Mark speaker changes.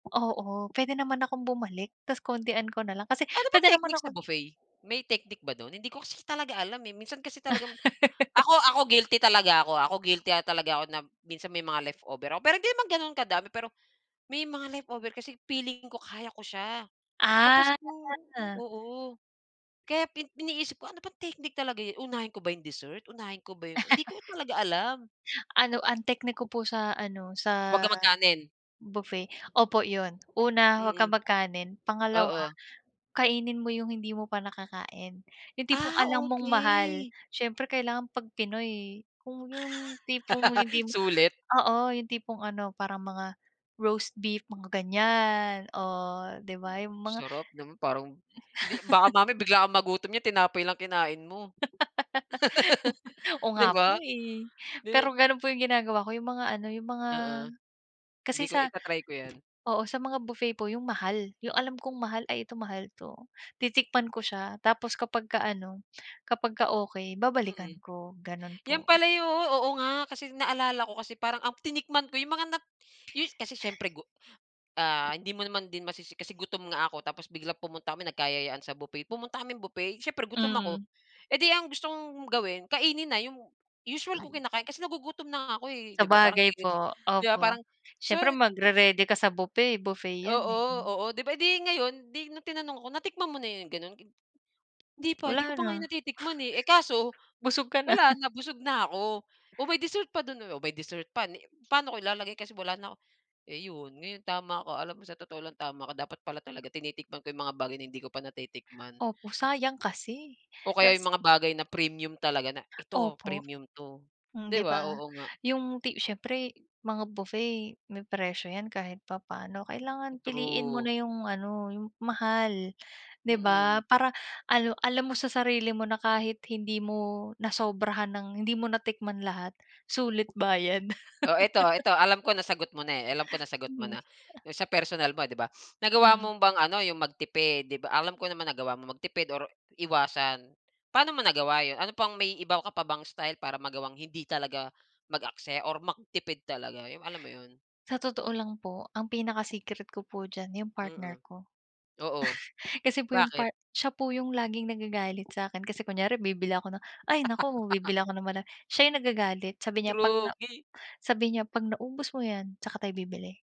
Speaker 1: Oo, puwede naman akong bumalik ta's kontian ko nalang kasi
Speaker 2: Ano ba
Speaker 1: puwede naman
Speaker 2: technique sa
Speaker 1: akong
Speaker 2: buffet? May technique ba do'n hindi ko kasi talaga alam, eh. Minsan kasi talagang ako, ako guilty talaga ako, ah, ako guilty, ah, talaga ako na minsan may mga leftover ako pero hindi naman gano'n kadami pero may mga leftover kasi feeling ko kaya ko siya. Tapos
Speaker 1: Ah.
Speaker 2: nung oo kaya pi iniisip ko ano bang techninique talaga yu unahin ko ba 'yong dessert? Unahin ko ba yung Hindi ko talaga alam.
Speaker 1: Ano ang technique ko po sa ano,
Speaker 2: Huwag
Speaker 1: sa
Speaker 2: kang magkanin?
Speaker 1: buffet, opo 'yon. Una, huwag kang
Speaker 2: Mm.
Speaker 1: magkanin. Pangalawa,
Speaker 2: Oo.
Speaker 1: kainin mo yung hindi mo pa nakakain, yung tipong
Speaker 2: Ah,
Speaker 1: alam mong mahal.
Speaker 2: okey.
Speaker 1: Siyempre kailangan pag Pinoy kung yung tipong hindi mo
Speaker 2: Sulit.
Speaker 1: oo yung tipong ano, parang mga roast beef mga gan'yan, oh, di ba yung mga
Speaker 2: Sarap naman parang hindi baka mamaya bigla kang magutom niyan tinapay lang kinain mo.
Speaker 1: Oo
Speaker 2: Di
Speaker 1: nga
Speaker 2: ba?
Speaker 1: po, eh.
Speaker 2: Di
Speaker 1: Pero gano'n po yung ginagawa ko yung mga ano, yung mga
Speaker 2: Oo. Hindi
Speaker 1: kasi
Speaker 2: ko
Speaker 1: sa
Speaker 2: ita-try ko 'yan.
Speaker 1: oo sa mga buffet po yung mahal yung alam kong mahal, "Ay ito mahal 'to." Titikman ko siya tapos kapagka ano, kapagka okey babalikan
Speaker 2: Mm.
Speaker 1: ko, gano'n
Speaker 2: 'Yan
Speaker 1: po.
Speaker 2: pala yu oo, nga kasi naalala ko kasi parang ang tinikman ko yung mga nat yu kasi siyempre gu ah, hindi mo naman din masisi kasi gutom nga ako tapos biglang pumunta kami nagkayayaan sa buffet. Pumunta kaming buffet siyempre gutom ako,
Speaker 1: Mm.
Speaker 2: eh, 'di ang gusto kong gawin, kainin na 'yong usual ko kinakain kasi nagugutom na nga ako, eh, 'di ba? Parang di
Speaker 1: Sabagay
Speaker 2: ge gets,
Speaker 1: po.
Speaker 2: 'di ba, parang
Speaker 1: Opo,
Speaker 2: so
Speaker 1: siyempre
Speaker 2: pu
Speaker 1: magre-ready ka sa buffet, buffet 'yan,
Speaker 2: Oo,
Speaker 1: eh.
Speaker 2: oo, di ba? Eh, di ngayon di nung tinanong ako, "Natikman mo na 'yon gano'n?" "Hindi pa, hindi
Speaker 1: Wala
Speaker 2: ko pa nga 'yon
Speaker 1: na.
Speaker 2: natitikman, eh." Eh, kaso
Speaker 1: Busog ka na.
Speaker 2: wala na busog na ako. "Oh, may dessert pa do'n, oh." Oh, may dessert pa ni paano ko ilalagay kasi wala na eh, 'yon, ngayon tama ka. Alam mo, sa totoo lang tama ko dapat pala talaga tinitikman ko 'yong mga bagay na hindi ko pa natitikman.
Speaker 1: Opo, sayang kasi,
Speaker 2: O kaya
Speaker 1: ta's
Speaker 2: yung mga bagay na premium talaga na eto
Speaker 1: Opo.
Speaker 2: premium 'to.
Speaker 1: Hmm,
Speaker 2: Di
Speaker 1: 'di ba?
Speaker 2: ba, oo nga.
Speaker 1: Yung ti siyempre mga buffet may presyo 'yan kahit papano, kailangan piliin mo
Speaker 2: True.
Speaker 1: na yung ano, yung mahal, di ba?
Speaker 2: Mm.
Speaker 1: Para ano, alam mo sa sarili mo na kahit hindi mo nasobrahan ng hindi mo natikman lahat sulit bayad.
Speaker 2: Oh, eto, eto alam ko nasagot mo na, eh, alam ko nasagot mo
Speaker 1: Mm.
Speaker 2: na, 'yong sa personal mo 'di ba. Nagawa
Speaker 1: Hmm.
Speaker 2: mo bang ano 'yong magtipid? 'Di ba alam ko naman nagawa mo magtipid or iwasan, paano mo nagawa 'yon? Ano pang may iba ko ka pa bang style para magawang hindi talaga mag-aksaya or magtipid talaga, 'yong alam mo 'yon?
Speaker 1: Sa totoo lang po ang pinaka-secret ko po diyan yung partner
Speaker 2: Mm.
Speaker 1: ko.
Speaker 2: Oo,
Speaker 1: Kasi po yung
Speaker 2: bakit?
Speaker 1: part siya po yung laging nagagalit sa'kin kasi kunyari bibili ako ng ay, naku bibili ako ng mara siya yung nagagalit, sabi niya, "'Pag
Speaker 2: True
Speaker 1: na"
Speaker 2: gi
Speaker 1: sabi niya, "'Pag naubos mo 'yan tsaka tayo bibili."